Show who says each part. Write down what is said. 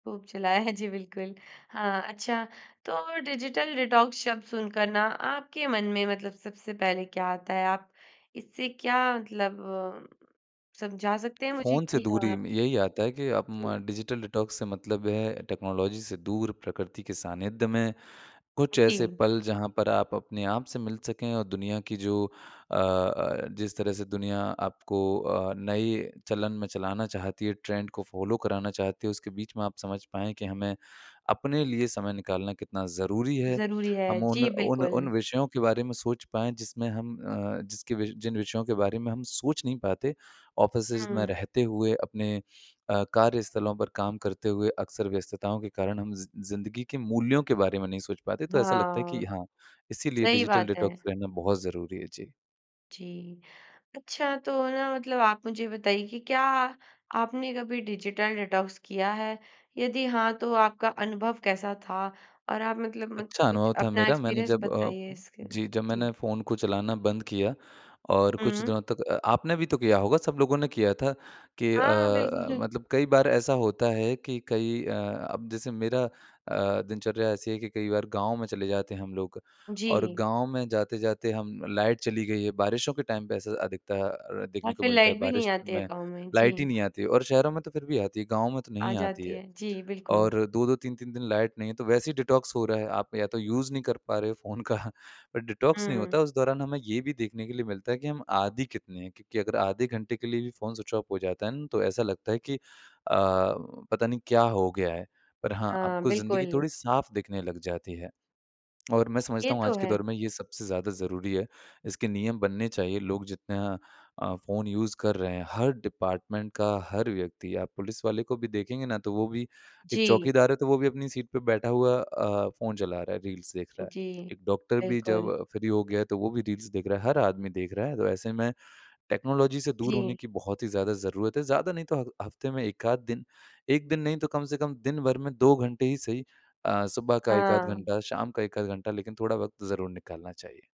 Speaker 1: खूब चलाया है जी, बिल्कुल। अ, अच्छा तो डिजिटल डिटॉक्स शब्द सुनकर ना आपके मन में मतलब सबसे पहले क्या आता है? आप इससे क्या मतलब अ, समझा सकते हैं मुझे
Speaker 2: फ़ोन से
Speaker 1: कि अ
Speaker 2: दूरी में यही आता है कि अ,
Speaker 1: जी।
Speaker 2: म डिजिटल डिटॉक्स से मतलब ये है टेक्नोलॉजी से दूर, प्रकृति के सानिध्य में,
Speaker 1: अ,
Speaker 2: कुछ ऐसे
Speaker 1: जी।
Speaker 2: पल जहाँ पर आप, अपने आप से मिल सकें और दुनिया की जो अ अ, जिस तरह से दुनिया आपको अ, नए चलन में चलाना चाहती है ट्रेंड को फॉलो कराना चाहती है। उसके बीच में आप समझ पाएँ कि हमें अपने लिए समय निकालना कितना ज़रूरी है।
Speaker 1: ज़रूरी है।
Speaker 2: हम उन
Speaker 1: जी,
Speaker 2: उन उन
Speaker 1: बिल्कुल।
Speaker 2: विषयों के बारे में सोच पाएँ जिसमें हम अ, जिसके वि जिन विषयों के बारे में हम सोच नहीं पाते ऑफिसेज़ में
Speaker 1: हुँ।
Speaker 2: रहते हुए अपने अ, कार्यस्थलों पर काम करते हुए, अक्सर व्यस्तताओं के कारण हम ज़ि ज़िंदगी के मूल्यों के बारे में नहीं सोच पाते। तो ऐसा लगता है
Speaker 1: हाँ,
Speaker 2: कि हाँ, इसीलिए
Speaker 1: सही
Speaker 2: डिजिटल
Speaker 1: बात
Speaker 2: डिटॉक्स
Speaker 1: है।
Speaker 2: करना बहुत ज़रूरी है। जी।
Speaker 1: जी। अच्छा तो ना मतलब आप मुझे ये बताइए कि क्या आपने कभी डिजिटल डेटॉक्स किया है? यदि हाँ, तो आपका अनुभव कैसा था? और आप मतलब म
Speaker 2: अच्छा
Speaker 1: कुछ
Speaker 2: अनुभव था
Speaker 1: अपना
Speaker 2: मेरा। मैंने
Speaker 1: एक्सपीरियंस
Speaker 2: जब अ
Speaker 1: बताइए इसके?
Speaker 2: जी, जब
Speaker 1: जी।
Speaker 2: मैंने फ़ोन को चलाना बंद किया और कुछ
Speaker 1: हुँ।
Speaker 2: दिनों तक अ, आपने भी तो किया होगा सब लोगों ने किया था कि अ
Speaker 1: हाँ,
Speaker 2: अ,
Speaker 1: बिल्कुल।
Speaker 2: मतलब कई बार ऐसा होता है कि कई अ, अब जैसे मेरा अ, दिनचर्या ऐसी है कि कई बार गाँव में चले जाते हैं हम लोग। और
Speaker 1: जी।
Speaker 2: गाँव में जाते-जाते हम लाइट चली गई है, बारिशों के टाइम पे ऐसा अधिकतर
Speaker 1: और
Speaker 2: देखने को
Speaker 1: फ़िर
Speaker 2: मिलता है,
Speaker 1: लाइट भी नहीं
Speaker 2: बारिश
Speaker 1: आती है
Speaker 2: में
Speaker 1: गाँव में। जी।
Speaker 2: लाइट ही नहीं आती है और शहरों में तो फ़िर भी आती है गाँव में तो नहीं
Speaker 1: आ
Speaker 2: ही आती
Speaker 1: जाती
Speaker 2: है।
Speaker 1: है। जी, बिल्कुल।
Speaker 2: और 2-2, 3-3 दिन लाइट नहीं है, तो वैसे ही डिटॉक्स हो रहा है। आप या तो यूज़ नहीं कर पा रहे हो फ़ोन का अ, डिटॉक्स नहीं
Speaker 1: हुँ।
Speaker 2: होता, उस दौरान हमें ये भी देखने के लिए मिलता है कि हम आदि कितने हैं। क्योंकि अगर आधे घंटे के लिए भी फ़ोन स्विच ऑफ हो जाता है ना तो ऐसा लगता है कि अ, पता नहीं क्या हो गया है। पर हाँ,
Speaker 1: हाँ,
Speaker 2: आपको ज़िंदगी
Speaker 1: बिल्कुल।
Speaker 2: थोड़ी साफ़ दिखने लग जाती है। और मैं
Speaker 1: ये
Speaker 2: समझता हूँ
Speaker 1: तो
Speaker 2: आज के
Speaker 1: है।
Speaker 2: दौर में ये सबसे ज़्यादा ज़रूरी है, इसके नियम बनने चाहिए। लोग जितना अ, फ़ोन यूज़ कर रहे हैं, हर डिपार्टमेंट का हर व्यक्ति, आप पुलिस वाले को भी देखेंगे ना तो वो भी एक
Speaker 1: जी।
Speaker 2: चौकीदार है तो वो भी अपनी सीट पे बैठा हुआ अ, फ़ोन चला रहा है, रील्स देख रहा है।
Speaker 1: जी,
Speaker 2: एक डॉक्टर भी जब
Speaker 1: बिल्कुल।
Speaker 2: फ्री हो गया है तो वो भी रील्स देख रहा है, हर आदमी देख रहा है। तो ऐसे में टेक्नोलॉजी से दूर होने
Speaker 1: जी।
Speaker 2: की बहुत ही ज़्यादा ज़रूरत है। ज़्यादा नहीं तो हग हफ्ते में 1 आध दिन, 1 दिन नहीं तो कम से कम दिनभर में 2 घंटे ही सही अ, सुबह का 1 आध
Speaker 1: हाँ।
Speaker 2: घंटा, शाम का 1 आध घंटा, लेकिन थोड़ा वक़्त ज़रूर निकालना चाहिए।